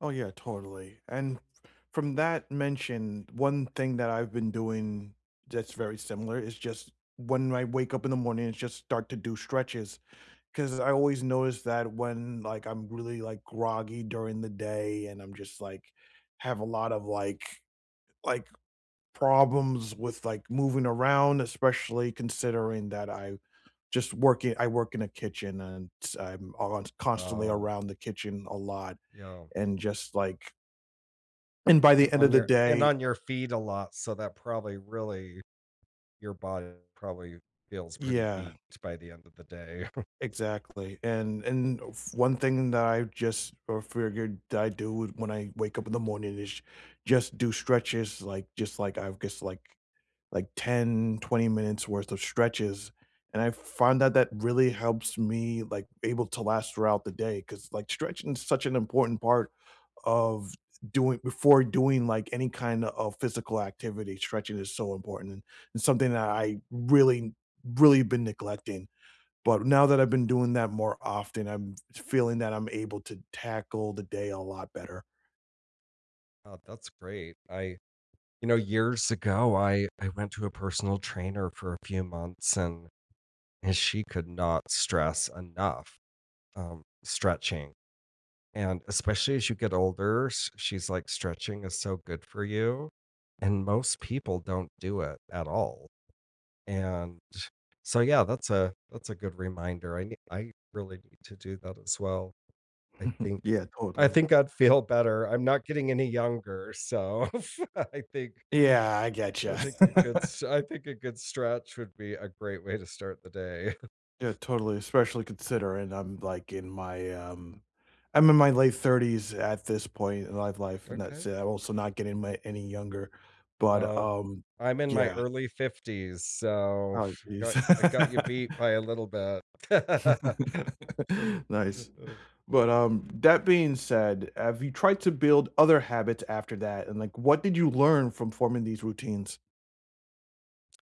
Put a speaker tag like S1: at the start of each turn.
S1: Oh, yeah, totally. And f from that mention, one thing that I've been doing that's very similar is just when I wake up in the morning, I just start to do stretches, 'cause I always notice that when, like, I'm really, like, groggy during the day and I'm just, like have a lot of, like like, problems with, like, moving around, especially considering that I just work i I work in a kitchen and s I'm ont constantly
S2: Wow.
S1: around the kitchen a lot
S2: Yeah.
S1: and just, like And by the
S2: And
S1: end
S2: on
S1: of the
S2: your and
S1: day
S2: on your feet a lot, so that probably really your body probably feels pretty
S1: Yeah.
S2: beat by the end of the day.
S1: Exactly, and and f one thing that I just o figured I do when I wake up in the morning is just do stretches, like, just, like, I've guess like like 10, 20 minutes' worth of stretches, and I f find that that really helps me, like, able to last throughout the day 'cause, like, stretching is such an important part of doing before doing, like, any kind of physical activity, stretching is so important and something that I really, really been neglecting. But now that I've been doing that more often, I'm f feeling that I'm able to tackle the day a lot better.
S2: Oh, that's great. I you know, years ago, I I went to a personal trainer for a few months and and she could not stress enough, um, stretching. And, especially as you get older, she's like, "Stretching is so good for you and most people don't do it, at all," and so, yeah, that's a that's a good reminder. I ne I really need to do that as well, I think
S1: Yeah,
S2: I
S1: totally.
S2: think I'd feel better, I'm not getting any younger, so f I think
S1: Yeah. I
S2: I
S1: gotcha.
S2: think a good s I think a good stretch would be a great way to start the day.
S1: Yeah, totally, especially considering I'm, like, in my, um I'm in my late 30s at this point life life and that's
S2: Okay.
S1: it, I'm also not getting my any younger, but,
S2: Well,
S1: um,
S2: I'm in my
S1: yeah.
S2: early 50s, so,
S1: Oh,
S2: f I
S1: jeez.
S2: got I got you beat by a little
S1: Nice.
S2: bit.
S1: But, um, that being said, have you tried to build other habits after that? And, like, what did you learn from forming these routines?